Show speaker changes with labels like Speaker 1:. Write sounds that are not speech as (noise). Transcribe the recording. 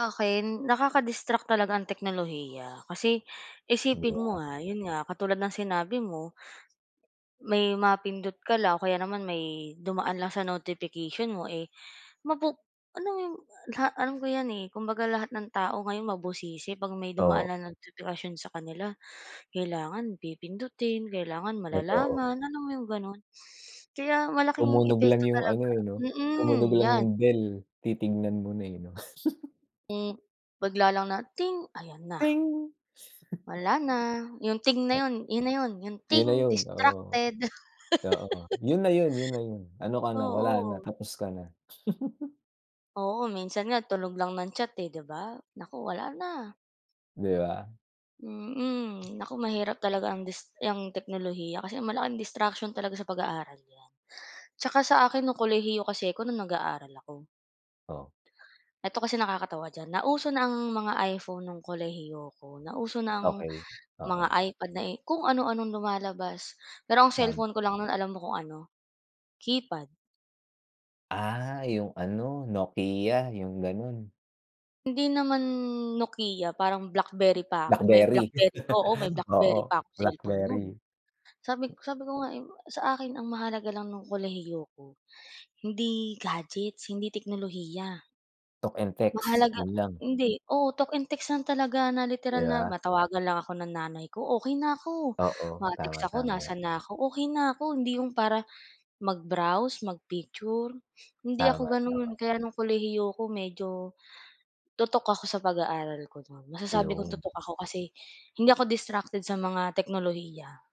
Speaker 1: Akin nakaka-distract talaga ang teknolohiya, kasi
Speaker 2: 'Di
Speaker 1: isipin
Speaker 2: ba?
Speaker 1: mo nga, yun nga katulad ng sinabi mo. May mapindot ka lang o kaya naman may dumaan lang sa notification mo, eh, mapu alam mo yung la alam ko 'yan, eh, kumbaga lahat ng tao ngayon mabusisi 'pag may
Speaker 2: Oo.
Speaker 1: dumaan na notipikasyon sa kanila, kailangan pipindutin, kailangan
Speaker 2: Totoo.
Speaker 1: malalaman, alam mo 'yong gano'n, kaya malaking
Speaker 2: Tumunog lang
Speaker 1: epekto
Speaker 2: yung ano,
Speaker 1: talaga,
Speaker 2: eh, 'no, tumunog
Speaker 1: mm,
Speaker 2: lang
Speaker 1: 'yan.
Speaker 2: yung bell, titingnan mo na, eh, 'no. (chuckles)
Speaker 1: Hmm, bigla nalang na ting ayan na.
Speaker 2: Ting. (chuckles)
Speaker 1: Wala na, yung ting na yun. 'Yun na yun, yung
Speaker 2: 'Yon na
Speaker 1: ting
Speaker 2: 'yun, oo.
Speaker 1: distracted.
Speaker 2: Oo,
Speaker 1: (laughs)
Speaker 2: yun na yun. Yun na yun, ano ka na wala na,
Speaker 1: Oo.
Speaker 2: tapos ka na. (giggles)
Speaker 1: Oo, minsan nga, tunog lang ng chat, 'di ba, naku wala na.
Speaker 2: 'Di ba?
Speaker 1: Mm. Naku mahirap talaga ang dis yang teknolohiya kasi malaking distraction talaga sa pag-aaral yan, 'tsaka sa akin no'ng kolehiyo kasi ako no'ng nag-aaral ako.
Speaker 2: Oh.
Speaker 1: Ito kasi nakakatawa diyan, nauso na ang mga iPhone ng kolehiyo ako, nauso na ang
Speaker 2: Okey,
Speaker 1: mga
Speaker 2: oo.
Speaker 1: iPad nai kung ano-anong lumalabas, pero ang
Speaker 2: Tama.
Speaker 1: cellphone ko lang no'n, alam mo kung ano, keypad.
Speaker 2: Ah, yung ano Nokia, 'yung gano'n.
Speaker 1: Hindi naman Nokia parang BlackBerry pa ako, may
Speaker 2: Blackberry.
Speaker 1: BlackBerry, oo, may
Speaker 2: (laughs)
Speaker 1: BlackBerry
Speaker 2: Oo,
Speaker 1: pa akong cellphone no'n.
Speaker 2: Blackberry.
Speaker 1: Sabi sabi ko nga, eh, sa akin ang mahalaga lang no'ng kolehiyo 'ko hindi gadgets, hindi teknolohiya.
Speaker 2: Talk and text,
Speaker 1: Mahalaga
Speaker 2: 'yun lang.
Speaker 1: hindi, oo, talk and text lang talaga na
Speaker 2: 'Di
Speaker 1: literal na
Speaker 2: ba?
Speaker 1: matawagan lang ako ng nanay ko okey na ako,
Speaker 2: Oo, tama,
Speaker 1: ma-text ako
Speaker 2: tama.
Speaker 1: nasaan na ako okey na ako. Hindi 'yong para mag-browse, mag-picture, hindi ako
Speaker 2: Tama, tama.
Speaker 1: gano'n kaya no'ng kolehiyo ako, medyo tutok ako sa pag-aaral ko no'n. Masasabi kong
Speaker 2: Ayun.
Speaker 1: tutok ako kasi hindi ako distracted sa mga teknolohiya.